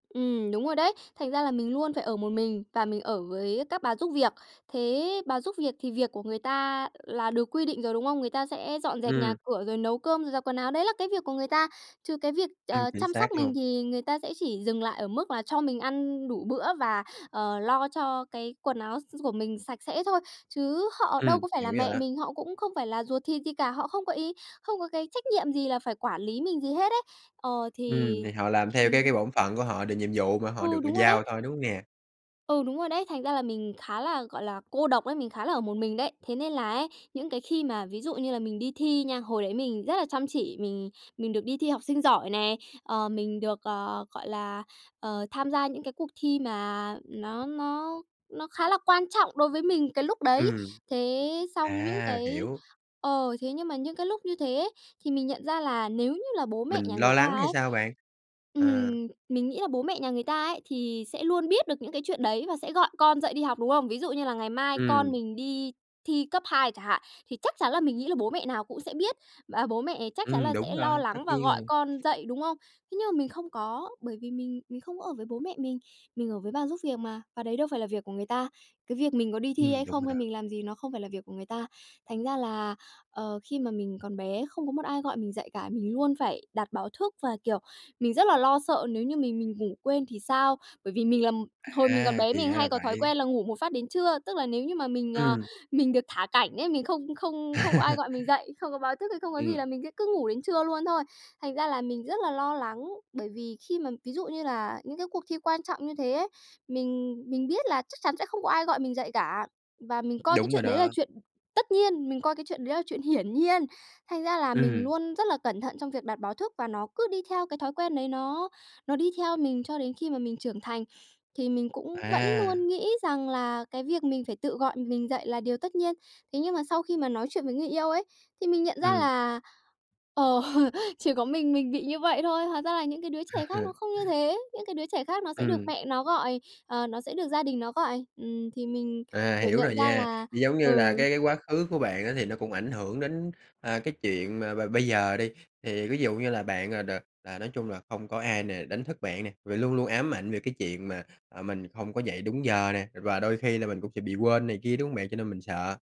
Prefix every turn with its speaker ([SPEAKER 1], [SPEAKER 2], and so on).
[SPEAKER 1] Ừm, đúng rồi đấy. Thành ra là mình luôn phải ở một mình và mình ở với các bà giúp việc. Thế bà giúp việc thì việc của người ta là được quy định rồi, đúng không? Người ta sẽ dọn dẹp nhà
[SPEAKER 2] Ừm.
[SPEAKER 1] cửa rồi nấu cơm, rồi giặt quần áo, đấy là cái việc của người ta. Chứ cái việc,
[SPEAKER 2] Ừm,
[SPEAKER 1] ờ,
[SPEAKER 2] chính
[SPEAKER 1] chăm
[SPEAKER 2] xác
[SPEAKER 1] sóc mình
[SPEAKER 2] luôn.
[SPEAKER 1] thì người ta sẽ chỉ dừng lại ở mức là cho mình ăn đủ bữa, và, ờ, lo cho cái quần áo s s của mình sạch sẽ thôi. Chứ họ đâu
[SPEAKER 2] Ừm,
[SPEAKER 1] có phải
[SPEAKER 2] hiểu
[SPEAKER 1] là
[SPEAKER 2] rồi
[SPEAKER 1] mẹ
[SPEAKER 2] á.
[SPEAKER 1] mình, họ cũng không phải là ruột thịt gì cả, họ không có ý, không có cái trách nhiệm gì là phải quản lý mình gì hết ấy. Ờ,
[SPEAKER 2] Ừm,
[SPEAKER 1] thì
[SPEAKER 2] thì họ làm theo cái
[SPEAKER 1] [unintelligible]
[SPEAKER 2] cái bổn phận của họ, được nhiệm vụ mà họ
[SPEAKER 1] Ừ,
[SPEAKER 2] được gi
[SPEAKER 1] đúng rồi đấy.
[SPEAKER 2] giao thôi, đúng hông nè?
[SPEAKER 1] Ừ, đúng rồi đấy. Thành ra là mình khá là, gọi là, cô độc ấy, mình khá là ở một mình đấy. Thế nên là ấy, những cái khi mà ví dụ như là mình đi thi nha, hồi đấy mình rất là chăm chỉ, mình mình được đi thi học sinh giỏi nè, ờ, mình được, ờ, gọi là, ờ, tham gia những cái cuộc thi mà nó nó nó khá là quan trọng đối với mình cái lúc đấy.
[SPEAKER 2] Ừm.
[SPEAKER 1] Thế xong những
[SPEAKER 2] À,
[SPEAKER 1] cái
[SPEAKER 2] hiểu.
[SPEAKER 1] ờ, thế nhưng mà những cái lúc như thế thì mình nhận ra là nếu như là bố mẹ
[SPEAKER 2] Mình
[SPEAKER 1] nhà người
[SPEAKER 2] lo
[SPEAKER 1] ta
[SPEAKER 2] lắng hay
[SPEAKER 1] ấy
[SPEAKER 2] sao bạn? Ờ.
[SPEAKER 1] ừm, mình nghĩ là bố mẹ nhà người ta ấy thì sẽ luôn biết được những cái chuyện đấy, và sẽ gọi con dậy đi học, đúng không? Ví dụ như là ngày mai
[SPEAKER 2] Ừm.
[SPEAKER 1] con mình đi thi cấp 2 chẳng hạn, thì chắc chắn là mình nghĩ là bố mẹ nào cũng sẽ biết, và bố mẹ chắc chắn
[SPEAKER 2] Ừm,
[SPEAKER 1] là sẽ
[SPEAKER 2] đúng
[SPEAKER 1] lo
[SPEAKER 2] rồi, tất
[SPEAKER 1] lắng và
[SPEAKER 2] nhiên
[SPEAKER 1] gọi
[SPEAKER 2] rồi.
[SPEAKER 1] con dậy, đúng không? Thế nhưng mà mình không có, bởi vì mình mình không ở với bố mẹ mình, mình ở với bà giúp việc mà, và đấy đâu phải là việc của người ta. Cái việc mình có đi thi
[SPEAKER 2] Ừm,
[SPEAKER 1] hay
[SPEAKER 2] đúng
[SPEAKER 1] không
[SPEAKER 2] rồi
[SPEAKER 1] hay
[SPEAKER 2] đó.
[SPEAKER 1] mình làm gì nó không phải là việc của người ta. Thành ra là, ờ, khi mà mình còn bé không có một ai gọi mình dậy cả, mình luôn phải đặt báo thức, và, kiểu, mình rất là lo sợ nếu như mình mình ngủ quên thì sao? Bởi vì mình là hồi mình còn
[SPEAKER 2] À,
[SPEAKER 1] bé
[SPEAKER 2] thì
[SPEAKER 1] mình
[SPEAKER 2] ra
[SPEAKER 1] hay
[SPEAKER 2] là
[SPEAKER 1] có thói
[SPEAKER 2] vậy.
[SPEAKER 1] quen là ngủ một phát đến trưa, tức là nếu như mà mình, ờ,
[SPEAKER 2] Ừm.
[SPEAKER 1] mình được thả cảnh ấy, mình không không không có ai gọi mình dậy, không có báo thức hay không có gì
[SPEAKER 2] Ừm.
[SPEAKER 1] là mình sẽ cứ ngủ đến trưa luôn thôi. Thành ra là mình rất là lo lắng bởi vì khi mà ví dụ như là những cái cuộc thi quan trọng như thế ấy, mình mình biết là chắc chắn sẽ không có ai gọi mình dậy cả. Và mình coi cái
[SPEAKER 2] Đúng rồi
[SPEAKER 1] chuyện đấy là
[SPEAKER 2] đó.
[SPEAKER 1] chuyện tất nhiên, mình coi cái chuyện đấy là chuyện hiển nhiên. Thành ra là mình
[SPEAKER 2] Ừm.
[SPEAKER 1] luôn rất là cẩn thận trong việc đặt báo thức và nó cứ đi theo cái thói quen đấy, nó nó đi theo mình cho đến khi mà mình trưởng thành, thì mình cũng vẫn
[SPEAKER 2] À.
[SPEAKER 1] luôn nghĩ rằng là cái việc mình phải tự gọi mình dậy là điều tất nhiên. Thế nhưng mà sau khi mà nói chuyện với người yêu ấy, thì mình nhận ra
[SPEAKER 2] Ừm.
[SPEAKER 1] là, ờ, chỉ có mình mình bị như vậy thôi. Hóa ra là những cái đứa trẻ khác nó không như thế, những cái đứa trẻ khác nó sẽ được
[SPEAKER 2] Ừm.
[SPEAKER 1] mẹ nó gọi, ờ, nó sẽ được gia đình nó gọi. Ừm, thì mình,
[SPEAKER 2] À,
[SPEAKER 1] kiểu,
[SPEAKER 2] hiểu
[SPEAKER 1] nhận
[SPEAKER 2] rồi
[SPEAKER 1] ra
[SPEAKER 2] nha.
[SPEAKER 1] là
[SPEAKER 2] Giống như là cái
[SPEAKER 1] ừ.
[SPEAKER 2] cái quá khứ của bạn á, thì nó cũng ảnh hưởng đến, à, cái chuyện mà b bây giờ đi, thì ví dụ như là bạn à đ à, nói chung là không có ai nè, đánh thức bạn nè, và luôn luôn ám ảnh về cái chuyện mà, à, mình hông có dậy đúng giờ nè, và đôi khi là mình cũng sẽ bị quên này kia, đúng hông bạn? Cho nên mình sợ.